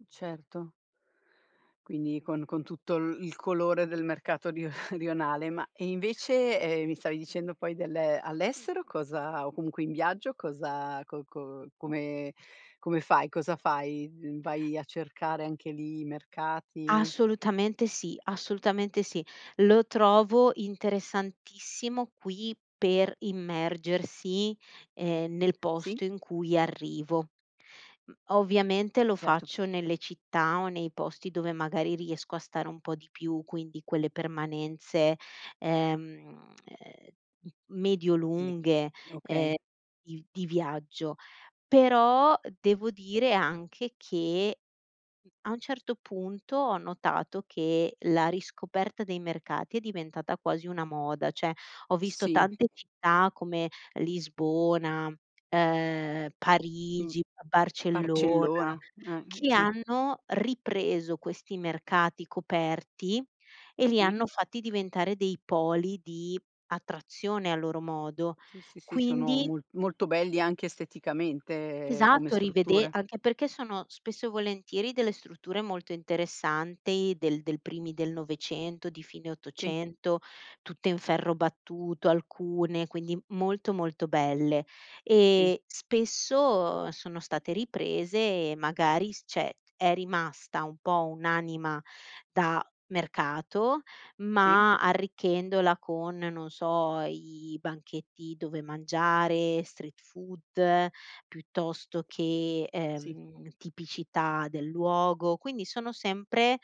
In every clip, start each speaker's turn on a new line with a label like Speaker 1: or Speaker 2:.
Speaker 1: Uhm, certo. Quindi con con tutto l il colore del mercato rio rionale. Ma e invece, ehm, mi stavi dicendo poi del all'estero cosa o comunque in viaggio cosa co co come come fai? Cosa fai? Vai a cercare anche lì i mercati?
Speaker 2: Assolutamente sì, assolutamente sì. Lo trovo interessantissimo qui per immergersi, ehm, nel
Speaker 1: Sì.
Speaker 2: posto in cui arrivo. Uhm ovviamente lo
Speaker 1: Certo.
Speaker 2: faccio nelle città o nei posti dove magari riesco a stare un po' di più, quindi quelle permanenze, ehm, uhm, m medio
Speaker 1: [unintelligible]
Speaker 2: lunghe, ehm,
Speaker 1: okay.
Speaker 2: di di viaggio. Però devo dire anche che, uhm, a un certo punto ho notato che la riscoperta dei mercati è diventata quasi una moda. Cioè, ho visto
Speaker 1: Sì.
Speaker 2: tante città come Lisbona, uhm,
Speaker 1: Mh.
Speaker 2: Parigi, b Barcellona
Speaker 1: Barcellona, eh,
Speaker 2: che
Speaker 1: sì.
Speaker 2: hanno ripreso questi mercati coperti e li
Speaker 1: Sì.
Speaker 2: hanno fatti diventare dei poli di attrazione a loro modo.
Speaker 1: Sì, sì, sì, sono
Speaker 2: Quindi
Speaker 1: mo molto belli anche esteticamente come
Speaker 2: Esatto, rivede
Speaker 1: strutture.
Speaker 2: anche perché sono spesso e volentieri delle strutture molto interessanti del del primi del 900, di fine
Speaker 1: Sì.
Speaker 2: 800, tutte in ferro battuto alcune, quindi molto, molto belle.
Speaker 1: Sì.
Speaker 2: E spesso sono state riprese e magari s cioè, è rimasta un po' un'anima da mercato,
Speaker 1: Sì.
Speaker 2: ma arricchendola con, non so, i banchetti dove mangiare, street food piuttosto che,
Speaker 1: Sì.
Speaker 2: ehm, tipicità del luogo quindi sono sempre,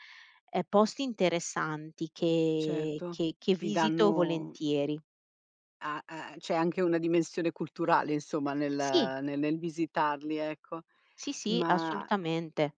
Speaker 2: ehm, posti interessanti che
Speaker 1: Certo,
Speaker 2: che che
Speaker 1: ti
Speaker 2: visito
Speaker 1: danno
Speaker 2: volentieri.
Speaker 1: A a c'è anche una dimensione culturale insomma nel
Speaker 2: Sì.
Speaker 1: ne nel visitarli, ecco.
Speaker 2: Sì, sì,
Speaker 1: Mah
Speaker 2: assolutamente.